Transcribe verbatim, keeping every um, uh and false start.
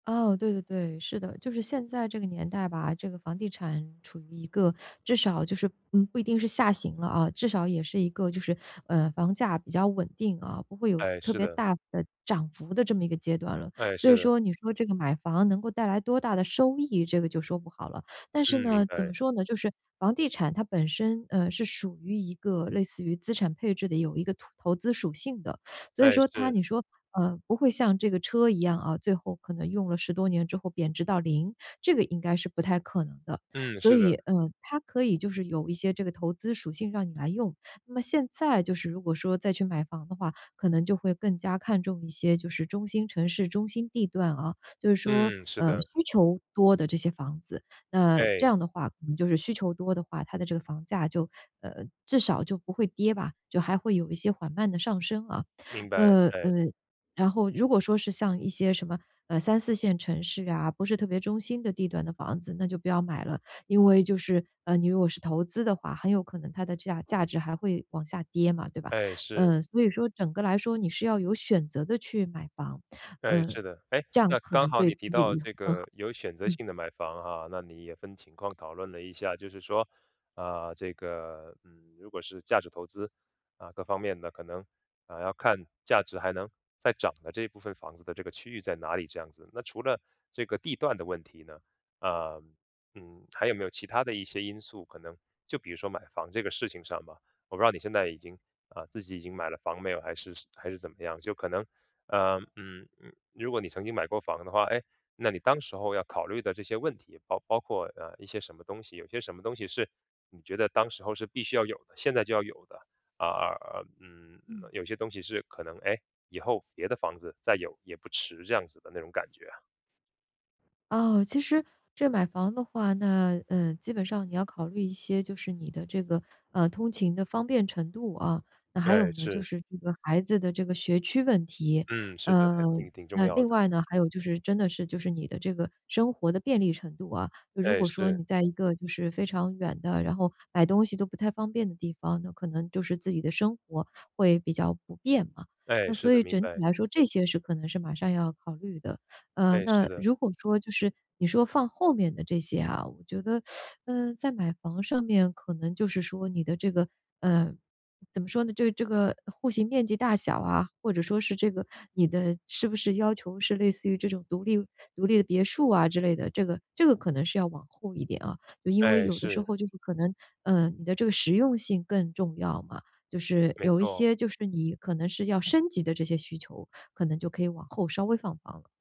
哦，对对对，是的。就是现在这个年代吧，这个房地产处于一个至少就是嗯，不一定是下行了啊，至少也是一个就是，呃，房价比较稳定啊，不会有哎，特是别的。大的涨幅的这么一个阶段了。哎，所是以的。说你说这个买房能够带来多大的收益，这个就说不好了。但是嗯，明呢，怎么白。说呢，就是房地产它本身，呃，是属于一个类似于资产配置的，有一个土投资属性的。所以哎，说它是。你说，呃，不会像这个车一样，嗯，最后可能用了十多年之后贬值到零，这个应该是不太可能的。嗯，所是以，的。呃，它可以就是有一些这个投资属性让你来用。那么现在就是如果说再去买房的话，可能就会更加看重一些，就是中心城市、中心地段啊。就是说，嗯，是嗯，的。需求多的这些房子。那这哎。样的话可能就是需求多的话，它的这个房价就，呃，至少就不会跌吧，就还会有一些缓慢的上升啊。明白，呃，呃，哎。然后如果说是像一些什么，呃，三四线城市啊，不是特别中心的地段的房子，那就不要买了。因为就是，嗯，你如果是投资的话，很有可能它的价价值还会往下跌嘛，对吧？哎，是。呃，所以说整个来说你是要有选择地去买房。哎，呃，是的。诶，这样那可刚能好对你提自己的到 [unintelligible] 这更好。个有选择嗯。性地买房啊，那你也分情况讨论了一下，就是说，呃，这个嗯，如果是价值投资，嗯，各方面的可能，嗯，要看价值还能再涨的这部分房子的这个区域在哪里，这样子。那除了这个地段的问题呢，呃嗯，还有没有其它的一些因素，可能就比如说买房这个事情上吧，我不知道你现在已经，呃，自己已经买了房没有还是还是怎么样。就可能，呃嗯嗯，如果你曾经买过房的话，诶，那你当时候要考虑的这些问题，包包括，呃，一些什么东西，有些什么东西是你觉得当时候是必须要有的，现在就要有的。而而而嗯，嗯。有些东西是可能，诶，以后别的房子再有也不迟这样子的那种感觉啊。哦，其实这买房的话，那，嗯，基本上你要考虑一些，就是你的这个，呃，通勤的方便程度啊，那还有对，呢就是。是这个孩子的这个学区问题。嗯，是的，还嗯，挺挺重那要另的。外呢，还有就是真的是就是你的这个生活的便利程度啊。那如对，果说是。你在一个就是非常远的，然后买东西都不太方便的地方，那可能就是自己的生活会比较不便嘛。哎，那是所的，以明整体白。来说这些事可能是马上要考虑的。嗯，对，是那的。如果说就是你说放后面的这些啊，我觉得，嗯，在买房上面可能就是说你的这个，嗯怎么说呢，就是这个户型面积大小啊，或者说是这个你的是不是要求是类似于这种独立独立的别墅啊之类的，这个这个可能是要往后一点啊。因为哎，有的时是。候就是可能，嗯，你的这个实用性更重要嘛。就是没有一错。些就是你可能是要升级的这些需求，可能就可以往后稍微放放了。